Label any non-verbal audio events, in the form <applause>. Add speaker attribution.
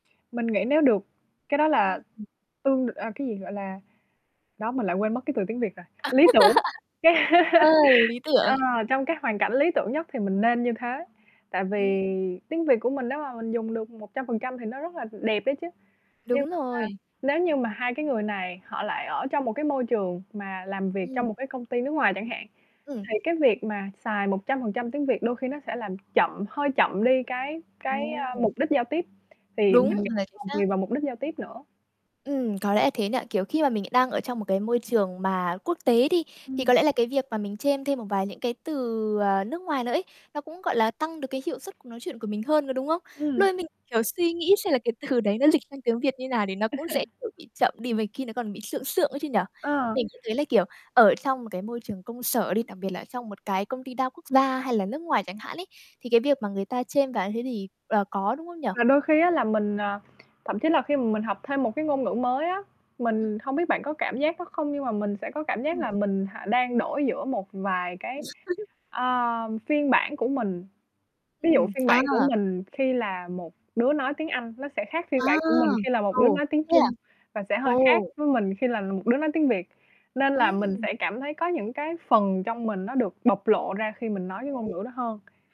Speaker 1: Mình nghĩ nếu được, cái đó là
Speaker 2: Ưm, ừm.
Speaker 1: tương đ à, cái gì? Gọi là đó, mình lại quên mất cái từ tiếng Việt rồi,
Speaker 2: <laughs>
Speaker 1: lý tưởng, cái
Speaker 2: Ờ, lý
Speaker 1: ờ,
Speaker 2: tưởng.
Speaker 1: trong cái hoàn cảnh lý tưởng nhất thì mình nên như thế. Tại
Speaker 2: Ừm.
Speaker 1: vì tiếng Việt của mình nếu mà mình dùng được 100% thì nó rất là đẹp ấy chứ. Nhưng
Speaker 2: Đúng
Speaker 1: mà,
Speaker 2: rồi.
Speaker 1: nếu như mà hai cái người này họ lại ở trong một cái môi trường mà làm việc trong
Speaker 2: Ừm.
Speaker 1: một cái công ty nước ngoài chẳng hạn,
Speaker 2: Ừm.
Speaker 1: thì cái việc mà xài 100% tiếng Việt đôi khi nó sẽ làm chậm hơi chậm đi cái cái, a,
Speaker 2: Ồ!
Speaker 1: mục đích giao tiếp, thì
Speaker 2: Đúng
Speaker 1: mình nghĩ
Speaker 2: rồi, chính
Speaker 1: còn tùy
Speaker 2: xác.
Speaker 1: vào mục đích giao tiếp nữa.
Speaker 2: Ừm, có lẽ là thế nhỉ? Kiểu, khi mà mình đang ở trong một cái môi trường mà quốc tế đi, thì
Speaker 1: Ừm.
Speaker 2: có lẽ là cái việc mà mình chêm thêm một vài những cái từ, ờ, nước ngoài nữa ấy, nó cũng, gọi là, tăng được cái hiệu suất cuộc nói chuyện của mình hơn, có đúng không? Lúc
Speaker 1: Ừm.
Speaker 2: ấy mình, kiểu, suy nghĩ xem là cái từ đấy nó lịch sang tiếng Việt như nào thì nó cũng sẽ,
Speaker 1: <chuckles>
Speaker 2: kiểu, bị chậm đi v khi nó còn bị sượng sượng ấy chứ nhỉ?
Speaker 1: Ờ.
Speaker 2: Mình cũng thấy là, kiểu, ở trong một cái môi trường công sở đi, đặc biệt là ở trong một cái công ty đa quốc gia hay là nước ngoài chẳng hạn ấy, thì cái việc mà người ta chêm vào như thế thì là có, đúng không nhỉ?
Speaker 1: Và đôi khi á là mình, à, thậm chí là khi mà mình học thêm một cái ngôn ngữ mới á,
Speaker 2: Ừm.
Speaker 1: mình hông biết bạn có cảm giác đó không, nhưng mà mình sẽ có cảm
Speaker 2: Ờ.
Speaker 1: giác là mình h đang đổi giữa một vài cái,
Speaker 2: <laughs>
Speaker 1: ờ, phiên bản của mình. Ví dụ,
Speaker 2: Ừm,
Speaker 1: phiên
Speaker 2: à.
Speaker 1: bản của mình khi là một đứa nói tiếng Anh, nó sẽ khác phiên
Speaker 2: À!
Speaker 1: bản của mình khi là một
Speaker 2: Ừ,
Speaker 1: đứa nói tiếng
Speaker 2: thế à?
Speaker 1: Trung và sẽ hơi khác
Speaker 2: Ồ!
Speaker 1: với mình khi là một đứa nói tiếng Việt. Nên là mình
Speaker 2: Ừm.
Speaker 1: sẽ cảm thấy có những cái phần trong mình nó được bộc lộ ra khi mình nói cái ngôn
Speaker 2: <unintelligible>
Speaker 1: ngữ đó hơn.